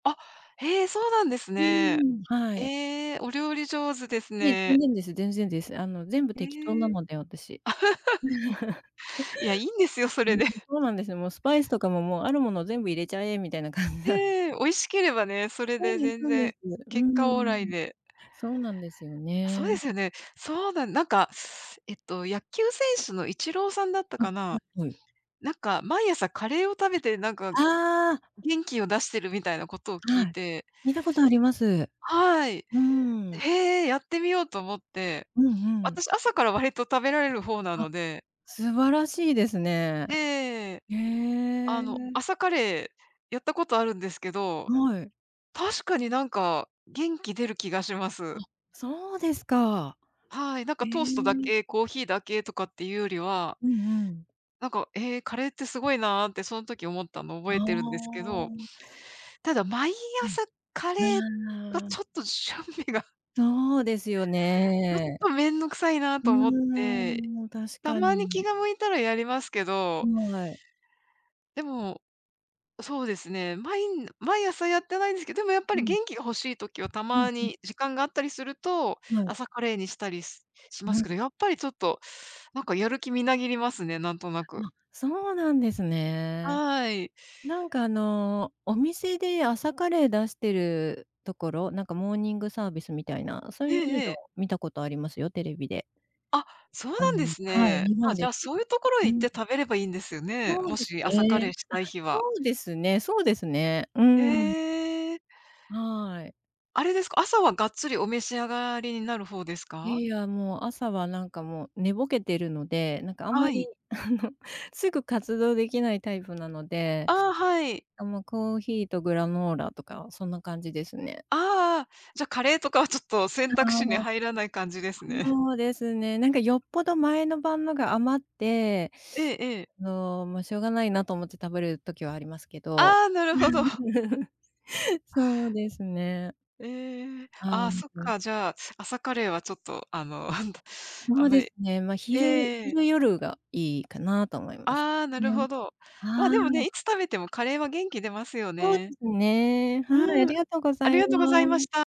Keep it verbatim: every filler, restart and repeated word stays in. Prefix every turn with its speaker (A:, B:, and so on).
A: あ、へえ、そうなんです
B: う
A: ね。
B: ん、はい。
A: ええ、お料理上手です
B: いえ、全
A: ね。
B: 然です全然です。あの全部
A: え
B: 適当な
A: え。
B: ので、私。
A: いや、いいんですよ、そ
B: う
A: れ
B: ん、
A: で。
B: そうなんですよ。もうスパイスとかももう、あるもの全部入れちゃえみたいな感じなん。
A: ええ、美味しければね、それ
B: そう
A: で
B: です
A: 全
B: そうです。
A: 然。
B: う
A: 結果オーライ
B: ん。
A: で。
B: そうなんですよ
A: そうで
B: ね。
A: すよね、そうなん、なんか、えっと、野球選手のイチローさんだった
B: あ、は
A: かな、
B: いはい。
A: なんか毎朝カレーを食べて、なんか、
B: ああ。
A: 元気を出してるみたいなことを聞
B: は
A: い
B: い、
A: て。
B: 聞いたことあります。
A: はい。
B: うん。
A: へえ、やってみようと思って。
B: うんうん。
A: 私、朝から割と食べられるほうな
B: あ、
A: ので。
B: 素晴らしいですね。
A: ええ。
B: へえ。
A: あの、朝カレーやったことあるんですけど。
B: はい。
A: 確かになんか、元気出る気がしま
B: あ、
A: す。
B: そうですか。
A: はい、なん
B: え
A: かトーストだ
B: え。
A: け、コーヒーだけとかっていうよりは
B: うんうん。
A: なんか、ええ、カレーって凄いなってその時思ったの
B: あ
A: 覚えてるんですけど。
B: あ。
A: ただ毎
B: はい。
A: 朝カ
B: う
A: レー、が
B: ーん。
A: ちょっとしゅんびが。
B: そうですよ
A: ちょっ
B: ね。
A: とめんどくさいな
B: う
A: と思って。
B: ーん、確
A: た
B: か
A: まに気
B: に。
A: が向いたらやりますけど。
B: はい。
A: でも、そうですね、まい毎朝やってないですけど、でもやっぱ
B: う
A: り
B: ん。
A: 元気が欲しい時はた
B: うん
A: ま
B: うん。
A: に時間があったりすると、
B: はい。
A: 朝カレーにしたりしし
B: う
A: ます
B: ん。
A: けど、やっぱりちょっとなんかやる気みなぎりますね、なんとなく。
B: あ、そうなんですね。
A: はい。
B: なんか、あの、お店で朝カレー出してるところ、なんかモーニングサービスみたいな、そう
A: え
B: いう
A: ええ
B: の
A: え。
B: 見たことありますよ、テレビで。
A: あ、そう
B: あ
A: なんで
B: の、
A: す
B: はい、
A: ね。
B: 日
A: あ、
B: 本で
A: じゃ
B: す
A: あ、
B: け
A: そ
B: ど。
A: ういうところへ
B: う
A: 行っ
B: ん。
A: て食べればいいんですね。
B: そう
A: も
B: です
A: し、朝カレー
B: ね。
A: し
B: あ、
A: たい日
B: そ
A: は。
B: うですねそうですね。うん。
A: ええ。
B: はい。
A: あれですか、朝はがっつりお召し上がりにな
B: あ、
A: る方ですか？
B: いや、もう、朝は、なんか、もう、寝ぼけてるので、なんか、あんま
A: は
B: り、
A: い。
B: あの、すぐ活動できないタイプなので、
A: ああ、はい。
B: あ、もう、コーヒーとグラノーラとかそんな感じですね。
A: ああ、じゃ、カレーとかはちょっと選択肢に
B: ああ。
A: 入らない感じですね。
B: そうですね。なんかよっぽど前の晩のが余って、
A: ええええ。
B: あの、ま、しょうがないなと思って食べる時はありますけど。
A: ああ、なるほど。
B: そうですね。
A: ええ、
B: ああ、
A: あ
B: は
A: あ、そっ
B: い。
A: か、じゃあ、朝カレーはちょっと、あの、あんあ
B: そう
A: んま
B: です
A: り。
B: ね、ま、昼
A: ええ。
B: 昼、夜がいいかなと思います
A: ああ、なる
B: ね。
A: ほど。ま、
B: は
A: でもね、
B: い。
A: いつ食べてもカレーは元気出ますよ
B: そうで
A: ね。
B: すね。はい、あ
A: うん、
B: りがとうご
A: あ
B: ざ
A: り
B: い
A: がとうございま
B: ま
A: した。